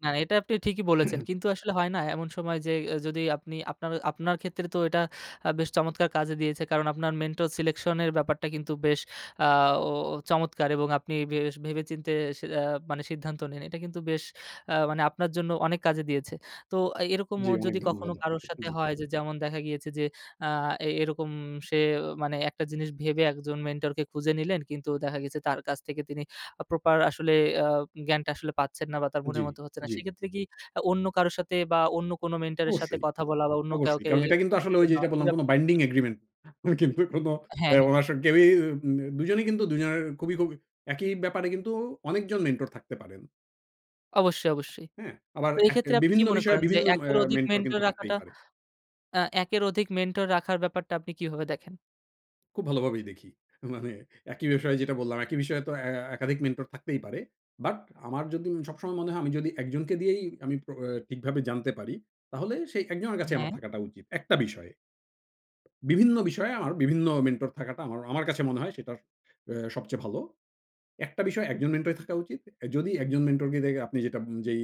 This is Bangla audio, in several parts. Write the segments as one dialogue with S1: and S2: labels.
S1: না, না এটা আপনি ঠিকই বলেছেন। কিন্তু আসলে হয় না। এমন সময় যে যদি আপনি আপনার আপনার ক্ষেত্রে তো এটা বেশ চমৎকার কাজে দিয়েছে। কারণ আপনার mentor selection -এর ব্যাপারটা কিন্তু বেশ অ্যা চমৎকার এবং আপনি বেশ ভেবে চিন্তে সি অ্যা সিদ্ধান্ত নেন। এটা কিন্তু বেশ আ মানে আপনার জন্য অনেক কাজে দিয়েছে। তো এরকম
S2: জি অনেক
S1: যদি
S2: ধন্যবাদ
S1: কখনো কারো
S2: আপনাকে
S1: সাথে
S2: জি।
S1: হয় যে যেমন দেখা গিয়েছে যে আ এরকম সে মানে একটা জিনিস ভেবে একজন মেন্টরকে খুঁজে নিলেন কিন্তু দেখা গেছে তার কাছ থেকে তিনি প্রপার আসলে আ জ্ঞানটা আসলে পাচ্ছেন না বা তার
S2: জি,
S1: মনের মতো হচ্ছে না।
S2: জি।
S1: সেক্ষেত্রে কি অন্য কারো সাথে বা অন্য কোন মেন্টর এর সাথে
S2: অবশ্যই,
S1: কথা বলা বা, অন্য
S2: অবশ্যই।
S1: কাউকে।
S2: কারণ এটা কিন্তু আসলে ওই যে যেটা বললাম কোন binding
S1: [unintelligible]
S2: agreement. কিন্তু কোনো
S1: হ্যাঁ, হ্যাঁ।
S2: ও অ্যা কেউই দুজনই কিন্তু দুজনের খুবই খুব একই ব্যাপারে কিন্তু অনেকজন মেন্টর থাকতে পারেন।
S1: অবশ্যই, অবশ্যই।
S2: হ্যাঁ আবার
S1: তো এক্ষেত্রে আপনি কি
S2: বিভিন্ন
S1: মনে
S2: বিষয়ে
S1: করেন যে
S2: বিভিন্ন অ্যা
S1: একের অধিক
S2: মেন্টর
S1: মেন্টর
S2: কিন্তু থাকতেই
S1: রাখাটা
S2: পারে।
S1: আ একের অধিক মেন্টর রাখার ব্যাপারটা আপনি কিভাবে দেখেন?
S2: খুব ভালোভাবেই দেখি। মানে একই বিষয় যেটা বললাম, একই বিষয়ে তো এ একাধিক মেন্টর থাকতেই পারে। বাট আমার যদি সবসময় মনে হয় আমি যদি ১ জনকে দিয়েই আমি আ ঠিকভাবে জানতে পারি, তাহলে সেই ১ জনের কাছে আমার
S1: হ্যাঁ।
S2: থাকাটা উচিত। একটা বিষয়ে। বিভিন্ন বিষয়ে বিভিন্ন মেন্টর থাকাটা আমার আমর কাছে মনে হয় সেটা অ্যা সবচেয়ে ভালো। একটা বিষয় একজন মেন্টর থাকা উচিত। যদি একজন মেন্টর কে দেখে আপনি যেটা যেই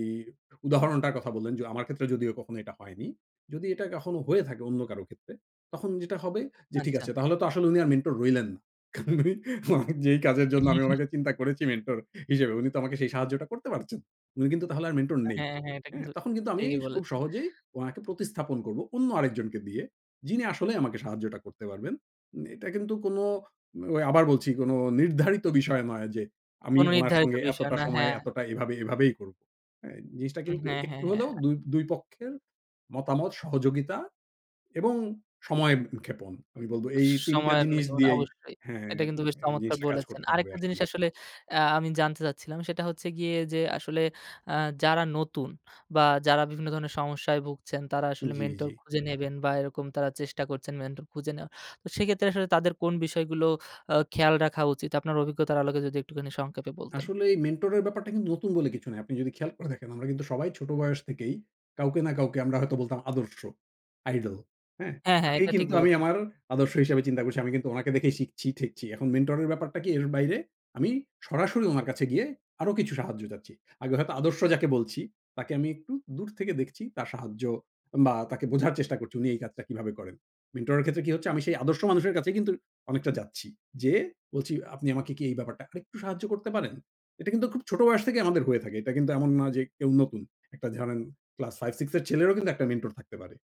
S2: উদাহরণটার কথা বললেন যে আমার ক্ষেত্রে যদিও কখনো এটা হয়নি, যদি এটা কখনো হয়ে থাকে অন্য কারো ক্ষেত্রে তখন যেটা হবে যে ঠিক
S1: আচ্ছা।
S2: আছে। তাহলে তো আসলে উনি আর মেন্টর রইলেন না। মানে যেই কাজের জন্য আমি ওনাকে চিন্তা করেছি মেন্টর হিসেবে। উনি তো আমাকে সেই সাহায্যটা করতে পারছেন না। উনি কিন্তু তাহলে আর মেন্টর নেই।
S1: হ্যাঁ, হ্যাঁ এটা
S2: হ্যাঁ
S1: কিন্তু
S2: তখন কিন্তু আমি
S1: ঠিকই
S2: খুব
S1: বলেছেন।
S2: সহজেই ওনাকে প্রতিস্থাপন করব অন্য আরেকজনকে দিয়ে। যিনি আসলে আমাকে সাহায্যটা করতে পারবেন। এটা কিন্তু কোন আবার বলছি কোন নির্ধারিত বিষয় নয় যে আমি
S1: কোন
S2: উনার
S1: নির্ধারিত
S2: সঙ্গে
S1: বিষয়
S2: এতটা
S1: না
S2: সময়
S1: হ্যাঁ।
S2: এতটা এভাবে, এভাবেই করব। জিনিসটা
S1: উম
S2: কিন্তু
S1: হ্যাঁ,
S2: একটু
S1: হ্যাঁ,
S2: হলেও
S1: হ্যাঁ।
S2: ২ ২ পক্ষের মতামত সহযোগিতা এবং সময়ক্ষেপণ। আমি বলব এই তিনটা
S1: সময়ের
S2: জিনিস
S1: নাকি মানে
S2: দিয়েই
S1: অবশ্যই।
S2: হ্যাঁ
S1: এটা কিন্তু বেশ চমৎকার
S2: জিনিসটা কাজ
S1: বলেছেন।
S2: করতে হবে
S1: আরেকটা জিনিস
S2: আসলে।
S1: আসলে অ্যা আমি জানতে চাচ্ছিলাম সেটা হচ্ছে গিয়ে যে আসলে অ্যা যারা নতুন বা, যারা বিভিন্ন ধরনের সমস্যায় ভুগছেন তারা আসলে
S2: জ্বি,
S1: মেন্টর
S2: জ্বি।
S1: খুঁজে নিবেন বা, এরকম তারা চেষ্টা করছেন মেন্টর খুঁজে নেওয়া। তো সেক্ষেত্রে আসলে তাদের কোন বিষয়গুলো আ খেয়াল রাখা উচিত আপনার অভিজ্ঞতার আলোকে যদি একটুখানি সংক্ষেপে বলতেন।
S2: আসলে এই মেন্টর এর ব্যাপারটা কিন্তু নতুন বলে কিছু নেই। আপনি যদি খেয়াল করে থাকেন, আমরা কিন্তু সবাই ছোট বয়স থেকেই কাউকে না কাউকে আমরা হয়তো বলতাম আদর্শ। আইডল হ্যাঁ?
S1: হ্যাঁ, হ্যাঁ
S2: তাকেই
S1: এটা ঠিক
S2: কিন্তু আমি
S1: বলেছেন।
S2: আমার আদর্শ হিসেবে চিন্তা করছি। আমি কিন্তু উনাকে দেখেই শিখছি-ঠেকছি। এখন মেন্টর এর ব্যাপারটা কি এর বাইরে আমি সরাসরি উনার কাছে গিয়ে আরো কিছু সাহায্য চাচ্ছি। আগে হয়তো আদর্শ যাকে বলছি তাকে আমি একটু দূর থেকে দেখছি তার সাহায্য বা তাকে বোঝার চেষ্টা করছি। উনি এই কাজটা কীভাবে করেন। মেন্টরের ক্ষেত্রে কি হচ্ছে আমি সেই আদর্শ মানুষের কাছেই কিন্তু অনেকটা যাচ্ছি। যে বলছি আপনি আমাকে কি এই ব্যাপারটা আরেকটু সাহায্য করতে পারেন? এটা কিন্তু খুব ছোট বয়স থেকেই আমাদের হয়ে থাকে। এটা কিন্তু এমন নয় যে কেউ নতুন। একটা জানেন ক্লাস 5 6 এর ছেলেরও কিন্তু ১ টা মেন্টর থাকতে পারে।